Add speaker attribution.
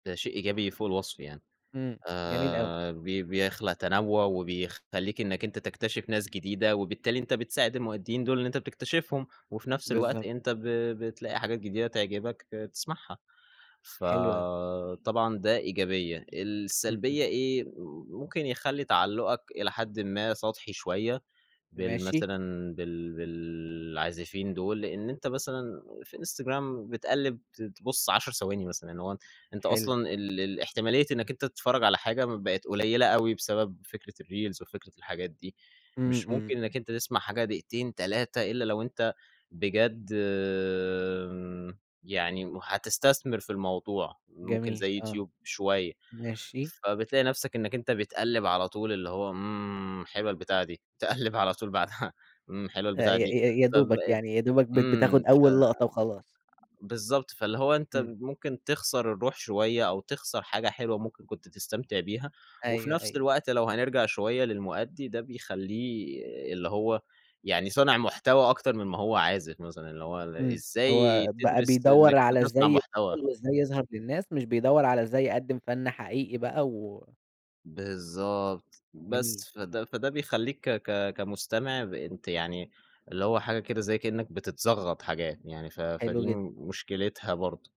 Speaker 1: ده شيء إيجابي فوق الوصف يعني،
Speaker 2: إمم، جميل أوي.
Speaker 1: آآ، ب بيخلق تنوع وبيخلّيك إنك أنت تكتشف ناس جديدة، وبالتالي أنت بتساعد المؤديين دول اللي أنت بتكتشفهم، وفي نفس الوقت
Speaker 2: بالضبط.
Speaker 1: أنت ب بتلاقي حاجات جديدة تعجبك ت تسمعها، ف
Speaker 2: حلو أوي.
Speaker 1: طبعًا ده إيجابية،
Speaker 2: إمم،
Speaker 1: السلبية
Speaker 2: إمم.
Speaker 1: إيه؟ ممكن يخلّي تعلقُك إلى حدٍ ما سطحي شوية
Speaker 2: ماشي.
Speaker 1: بالمثلًا بال بالعازفين دول، لأن أنت مثلًا في Instagram بتقلب ت تبُص 10 ثواني مثلًا. يعني هو أنت
Speaker 2: حلو.
Speaker 1: أصلًا ال ال الاحتمالية إنك أنت تتفرج على حاجة بقت قليلة أوي بسبب فكرة الreels وفكرة الحاجات دي،
Speaker 2: إمم،
Speaker 1: مش
Speaker 2: إمم.
Speaker 1: ممكن إنك أنت تسمع حاجة دقيقتين 3 إلا لو أنت بجد يعني هتستثمر في الموضوع ممكن
Speaker 2: جميل
Speaker 1: زي
Speaker 2: آه.
Speaker 1: يوتيوب شوية،
Speaker 2: ماشي.
Speaker 1: فبتلاقي نفسك إنك أنت بتقلّب على طول اللي هو إمم، حلوة البتاعة دي تقلّب على طول بعدها إمم، حلوة
Speaker 2: آآ،
Speaker 1: البتاعة
Speaker 2: ي
Speaker 1: دي
Speaker 2: ي يا دوبك
Speaker 1: فبقِت
Speaker 2: يعني، يا دوبك بت
Speaker 1: إمم،
Speaker 2: بتاخُد
Speaker 1: ف
Speaker 2: أول لقطة وخلاص.
Speaker 1: بالضبط فاللي هو أنت
Speaker 2: إمم.
Speaker 1: ممكن تخسر الروح شوية أو تخسر حاجة حلوة ممكن كنت تستمتع بيها، وفي
Speaker 2: أيوه،
Speaker 1: نفس
Speaker 2: أيوه.
Speaker 1: الوقت لو هنرجع شوية للمؤدي ده بيخلّيه اللي هو يعني صانع محتوى أكتر من ما هو عازف مثلًا، اللي هو
Speaker 2: إمم،
Speaker 1: إزاي
Speaker 2: هو بقى
Speaker 1: تدرس
Speaker 2: بيدور
Speaker 1: إنك
Speaker 2: على
Speaker 1: تصنع
Speaker 2: إزاي
Speaker 1: محتوى.
Speaker 2: يشتغل وإزاي يظهر للناس، مش بيدور على إزاي يقدّم فن حقيقي بقى و
Speaker 1: بالضبط،
Speaker 2: جميل.
Speaker 1: بس فده فده بيخلّيك ك ك كمستمع ب أنت يعني اللي هو حاجة كده زي كأنك بتتزغط حاجات، يعني ف
Speaker 2: حلو
Speaker 1: فدي
Speaker 2: جدًا.
Speaker 1: مشكلتها برضو.